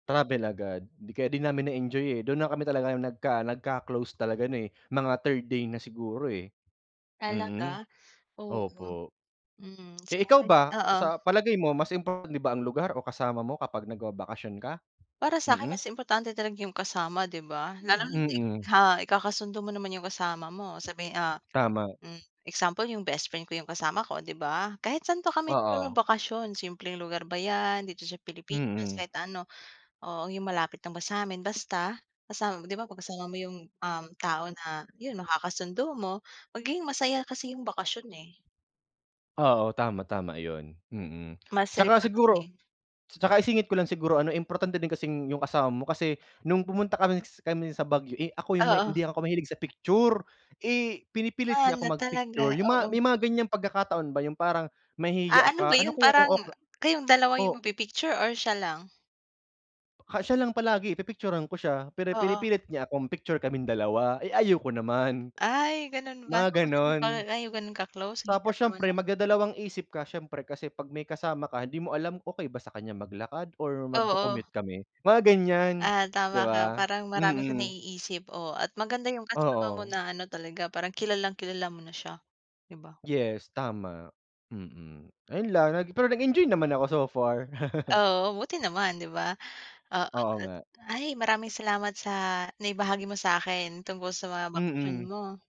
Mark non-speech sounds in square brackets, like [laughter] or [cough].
Travel agad, 'di ka 'di namin na-enjoy eh, dun na kami talaga nagka nagka-close talaga ano eh, mga third day na siguro eh. Mm, Talaga, oo. opo. Mm, Eh ikaw sa'kin, ba, oo. sa palagay mo mas importante din ba ang lugar o kasama mo kapag nagbabakasyon ka? Para sa'kin Mm. mas importante talaga 'yung kasama 'di ba, lalo na 'di Mm. ha, ikakasundo mo naman 'yung kasama mo sabi, ah, Tama. hmm, example 'yung bestfriend ko 'yung kasama ko 'di ba. Kahit saan pa kami Oo. magbakasyon, simpleng lugar ba 'yan, dito sa Pilipinas, Mm. kahit ano, oo 'yung malapit lang ba sa'min. Basta kasama 'di ba 'pag kasama mo 'yung, um, tao na 'yun na nakakasundo mo magiging masaya kasi 'yung bakasyon eh. Oo, tama, tama 'yun, mm. Mas 'Tsaka siguro relaxing. 'tsaka isingit ko lang siguro ano importante din kasing 'yung kasama mo kasi nung pumunta kami kami sa Baguio eh ako 'yung may Oo. hindi ako mahilig sa picture, eh, pinipilit Ah, niya ako na talaga, mag-picture, 'yung mga oo may mga ganiyang pagkakataon ba 'yung parang Ah, mahihiya ano ba ka, ano 'yun kaya kung parang, okey kayong dalawa 'yung o magpi-picture or siya lang? Ha, siya lang palagi, pipicturan ko siya, pero Oo. pinipilit niya akong picture kaming dalawa, eh ayaw ko naman. Ay ganun ba, Mga tapos hindi pa gano'n. kayo ganun ka-close ang Tapos hirap naman siyempre nun. magdadalawang isip ka siyempre kasi 'pag may kasama ka hindi mo alam, okey ba sa kanya maglakad or Oo. magko-commute kami? Mga ganiyan, Ah, tama 'di ka ba. parang marami kong Mm. naiisip, oh at maganda 'yung kasama mo Oo. na ano talaga parang kilalang-kilala mo na siya 'di ba. Yes, tama, mm. Ayun lang, pero nag-enjoy naman ako so far. [laughs] Oo, buti naman 'di ba. Oo, Oo at nga. ay maraming salamat sa naibahagi mo sa'kin tungkol sa mga bakasyon Mm. mo.